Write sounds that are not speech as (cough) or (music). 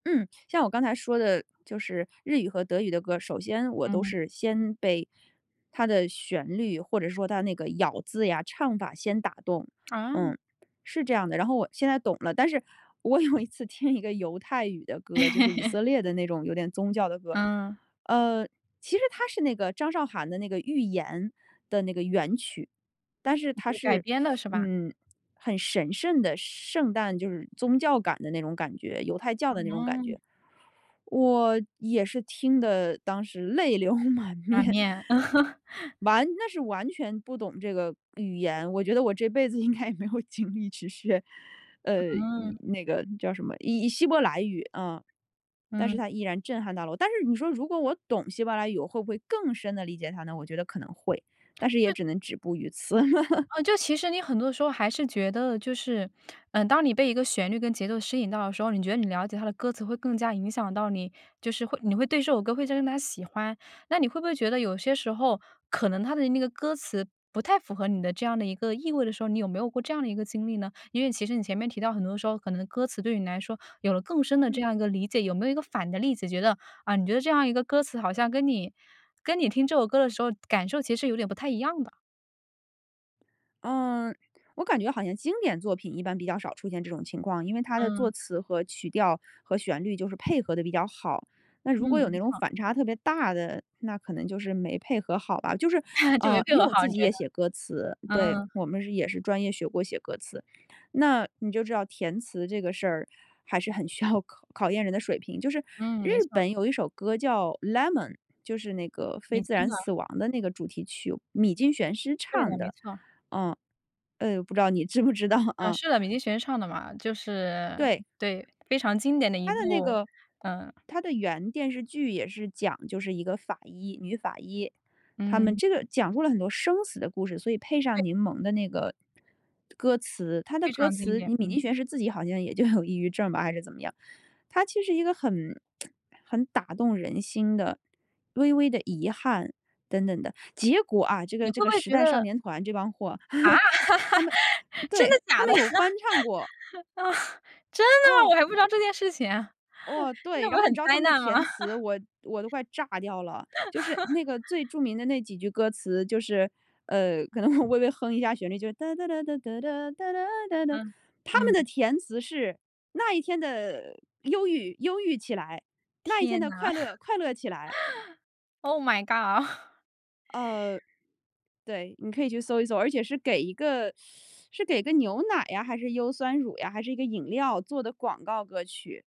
嗯，像我刚才说的就是日语和德语的歌，首先我都嗯。是先被它的旋律或者说它那个咬字呀、唱法先打动。哦。嗯，是这样的，然后我现在懂了，但是我有一次听一个犹太语的歌，就是以 (laughs) 色列的那种有点宗教的歌。嗯。嗯，其实它是那个张韶涵的那个《寓言》的那个原曲。但是它就改是，编了是 (sucks teeth) 吧？嗯，很神圣的圣诞，就是宗教感的那种感觉，犹太教的那种感嗯。觉。我也是听得当时泪流满满面。面。(chuckles) 完那时完全不懂这个语言，我觉得我这辈子应该也没有精力去学，呃，以嗯。那个叫什么，以以希伯来语，啊。但是嗯。它依然震撼到了我，但是你说如果我懂希伯来语，我会不会更深地理解它呢？我觉得可能会，但是也对。只能止步于此。(laughs) 呃，就其实你很多时候还是觉得就是，呃，当你被一个旋律跟节奏吸引到的时候，你觉得你了解它的歌词会更加影响到你，就是会你会对这首歌会加深它的喜欢。那你会不会觉得有些时候，可能它的那个歌词不太符合你的这样的一个意味的时候，你有没有过这样的一个经历呢？因为其实你前面提到很多时候，可能歌词对你来说有了更深的这嗯。样一个理解。有没有一个反的例子，觉得，啊，你觉得这样一个歌词好像跟你跟你听这首歌的时候感受其实有点不太一样的。嗯，我感觉好像经典作品一般比较少出现这种情况，因为它的作嗯。词和曲调和旋律就是配合得比较好。那如果有嗯，那种好。反差特别大的，那可能就是没配合好吧。就是，(chuckles) 就啊，没配因为合我好，自你己觉得。也写歌词，对，嗯。我们是也是专业学过写歌词，那你就知道填词这个事儿还是很需要考验人的水平，就是嗯，日没错。本有一首歌叫《Lemon》，就是那个《非米自津然的。死亡》的那个主题曲，米津玄师对的，唱没的。错。哦，呃，不知道你知不知道嗯，啊。是的，米津玄师唱的嘛，就是，对。对，非常经典的一它的那部，个嗯。它的原电视剧也是讲就是一个法医女法医，他们嗯。这个讲述了很多生死的故事，所以配对。上柠檬的那个歌词。它的非歌常经词典，米嗯。津玄师是自己好像也就有抑郁症吧，还是怎么样，它其实是一个很 (tsk) 很打动人心的、微微的遗憾，等等的。结果啊，这你个这会不个会时觉代少得年团这帮货，(chuckles) 他啊？们真的对，他假的？们有翻唱过。啊，真的吗？哦。我还不知道这件事情啊，哦，对，那不然是后你很知道他灾们的难吗？填词，我我都快炸掉了。就是 (laughs) 那个最著名的那几句歌词，就是，呃，可能微微哼一下旋律，就是哒哒哒哒哒哒哒哒哒哒，嗯，他们的嗯。填词是：“那一天的忧郁，忧郁起来；那一天天的呐。快乐，快乐起来。” (laughs) Oh my god。(chuckles) 呃，对，你可以去搜一搜，而且是给一个 (sucks teeth) 是给个牛奶啊，还是优酸乳呀，还是一个饮料做的广告歌曲。